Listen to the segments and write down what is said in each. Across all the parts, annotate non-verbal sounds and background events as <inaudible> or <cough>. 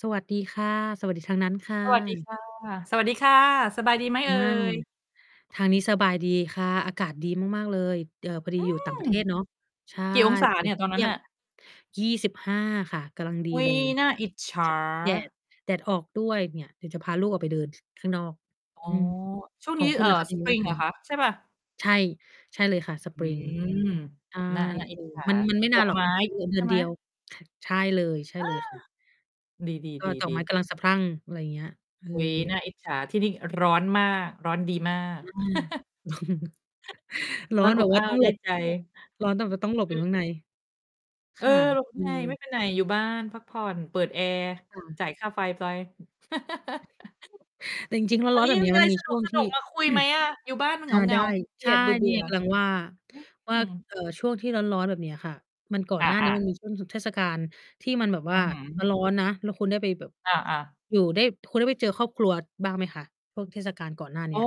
สวัสดีค่ะ สวัสดีทางนั้นค่สวัสดีะ ค่ะ สวัสดีค่ะ สบายดีไหมอเอา ่ย? ทางนี้สบายดีค่ะ อากาศดีมาก ๆ เลย เอ่อ พอดีอือยู่ต่างม ประเทศเนาะ ใช่ กี่องศาตอนเนนีี้่ยก็ ตอนเทนัี้่นยง น่ะ? ค่ะ 25 ค่ะ กำลังดีอุ๊เลย ย น่าอิจฉช า แดด แดดออกด้วยเนี่ย เดี๋ยวจะพาลูกออกไปเดิน ข้างนอก อ๋อ อืม ช่วงขนอี้ งคุเอณ่อ ล่ะคะ เป็นไงบ้างSpring ทเาหรงอนั้คน? ะ ใช่เปล่า? ใช่ ใช่เลยค่ะ อืSpring ม ใช่ น่า น่าเออิอ จฉา มัน มันไม่ดนาอนกหรอก ไมอ้ีกเดือน เดใชือ่นไหเดม? ียว ใช่เลย ใช่อเลา ย ดี ก็ดอกไม้ๆ ๆ ๆ กำลังสะพรั่ง อะไรเงี้ย เออุ๊ย อ น่าอิจฉา ที่นี่ร้อนมาก ร้อนดีมาก อา <chuckles> <chuckles> ร้อร้อนนอแบบบว่อ้าาต้ว องไหดล้บ ใจ ร้อนแบบว่าต้องหลบออืยู่ม ข้างใน เอคอ ่ะ <unintelligible> คือ ไม่ไปไหน อยู่บ้านพักผ่อน เปิดแอร์ ค่ะ จ่ายค่าไฟไป จ<chuckles> ริง ๆ แล้ววัร้นอนนี้แบยับงเนมีี้ยอะมไัรนมีสช่วงทนุี่ ก ๆ มาคุยไหม<clears throat> อะ? อยู่บ้านมันอเา หงไดา ้ ๆ ขี้เกใชี่ ยจ เบนืี่่อ ไงกำลังว่า วๆ อ่า ืม เอ่อ ช่วงที่ร้อน ๆ แบบเนี้ยค่ะ มัน ก่ออน หน้านี้า ๆ มันมีช่วงหยุดเทศกาล ที่มันแบบวอ่ืา อฮึ ร้อน ๆ นะ แล้วคุณได้ไปแบบ อา ๆ อยู่ได้ คุณได้ไปเจอครอบครัวบ้างไหมคะ? ช่วงเทศกาลก่อนหน้าเอน๋ีอ ้ย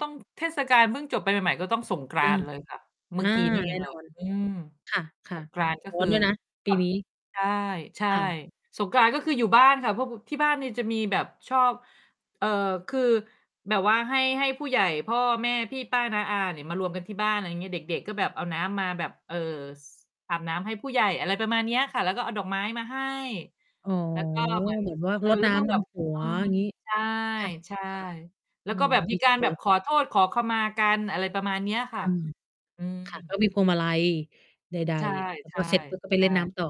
ต้อง เทศกาลเพิ่งจบไปใหม่ ๆ ก็ต้องสงกรอาา นต์เลยค่ะ เอมื่า อกี้ นี่เอแน่งเลนอย น อืม คส่ะ ง กรานต์ก็ๆ ร้อคนือ ด้วยนะปคี่ะ นี้ ใช่ ใช่ ค่ะ สงกรานต์ก็คืออยู่บ้านค่ะ เพราะ บ ที่บ้านนี่ จะมีแบบชอบ เอ่อ คือแบบว่าให้ ให้ผู้ใหญ่ พ่อ แม่ พี่ ป้า น้า อาเนี่ยมารวมกันที่บ้าน อะไรงี้ เด็ก ๆ ก็แบบเอาน้ำมาแบบ เอ่อ ส อาบน้ำให้ผู้ใหญ่ อะไรประมาณเนี้ยค่ะ แล้วก็เอาดอกไม้มาให้ อ๋อ แล้วก็เหมือน แบบว่าเออ รดแล้นว้เมื่อำดแบบ ำหัเอว อ งี้ ใชค่ะ ่ ค่ะ ๆ แลอ้ืวก็ม แบบดมีีกจัาง รเลแบบย ขอโทษขอขมากัน อะไรประมาณเนี้ยค่อืะ ม อืค่ะ ก็ม มีพวงมาลัย ใด ใช่ ๆ แล้วใชก็่ เสร็จปุ๊บก็ไปใชเล่นน้่ ำต่อ